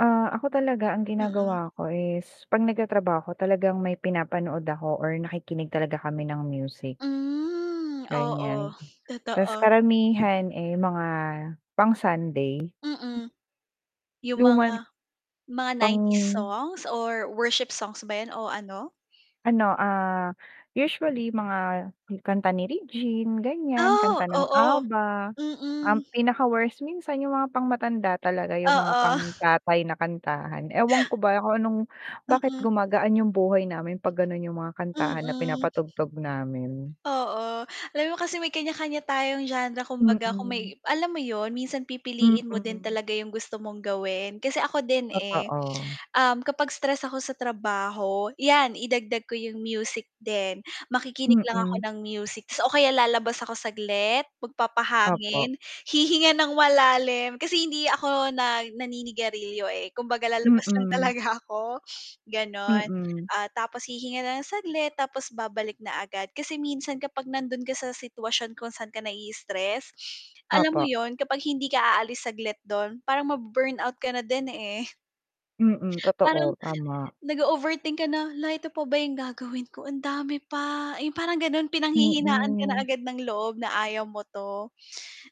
Ah, ako talaga ang Mm. ginagawa ko is, 'pag nagtatrabaho talagang may pinapanood ako or nakikinig talaga kami ng music. Hmm. Oo, Ganiyan, ta's totoo. karamihan, eh, mga, pang Sunday. Mm, yung Luma n mga mga pang 90s songs or worship songs ba yun o ano? Ano, ah, usually mga kanta ni Regine, ganiyan, Ah, kanta ng oo. Abba. Ang Mm. pinaka-worst minsan yung mga pangmatanda talaga yung mga Oo. pang-tatay na kantahan. Ewan ko ba kung anong bakit Mm. gumagaan yung buhay namin 'pag gano'n yung mga kantahan na Mm. pinapatugtog namin. Oo, alam mo kasi may kanya-kanya tayong genre kumbaga kung Mm. may alam mo yun minsan pipiliin mo din Mm. talaga yung gusto mong gawin kasi ako din, eh. Totoo. Um, kapag stress ako sa trabaho, yan idagdag ko yung music din makikinig lang ako Mm. ng music tapos o kaya lalabas ako saglit, Opo. magpapahangin, hihinga ng malalim kasi hindi ako na naninigarilyo, eh, kumbaga lalabas lang Mm. talaga ako, ganon, Mm. ah, tapos hihinga na ng saglit tapos babalik na agad kasi minsan kapag nandun ka sa sitwasyon kung saan ka nai-istress, alam mo Opo. yun kapag hindi ka aalis saglit dun parang ma-burn out ka na din, eh. Mm, Parang totoo. Tama nag-ooverthink ka na, "Hala, ito pa ba yung gagawin ko, ang dami pa." Eh, parang gano'n pinanghihinaan ka na Mm. agad ng loob na ayaw mo to,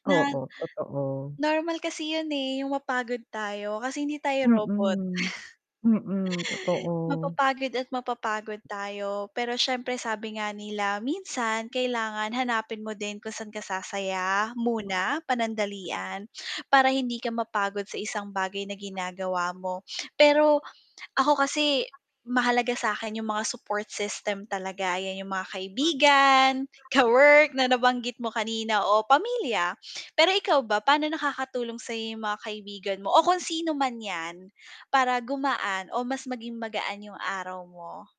na Oo, totoo normal kasi yun, eh, yung mapagod tayo kasi hindi tayo robot. Mm, mm. Totoo. Mapapagod at mapapagod tayo pero siyempre sabi nga nila minsan kailangan hanapin mo din kung saan ka sasaya, muna, panandalian para hindi ka mapagod sa isang bagay na ginagawa mo pero ako kasi, mahalaga sa'kin yung mga support system talaga yan yung mga kaibigan, kawork na nabanggit mo kanina o pamilya, pero ikaw ba paano nakakatulong sayo yung mga kaibigan mo, o kung sino man yan para gumaan o mas maging magaan yung araw mo?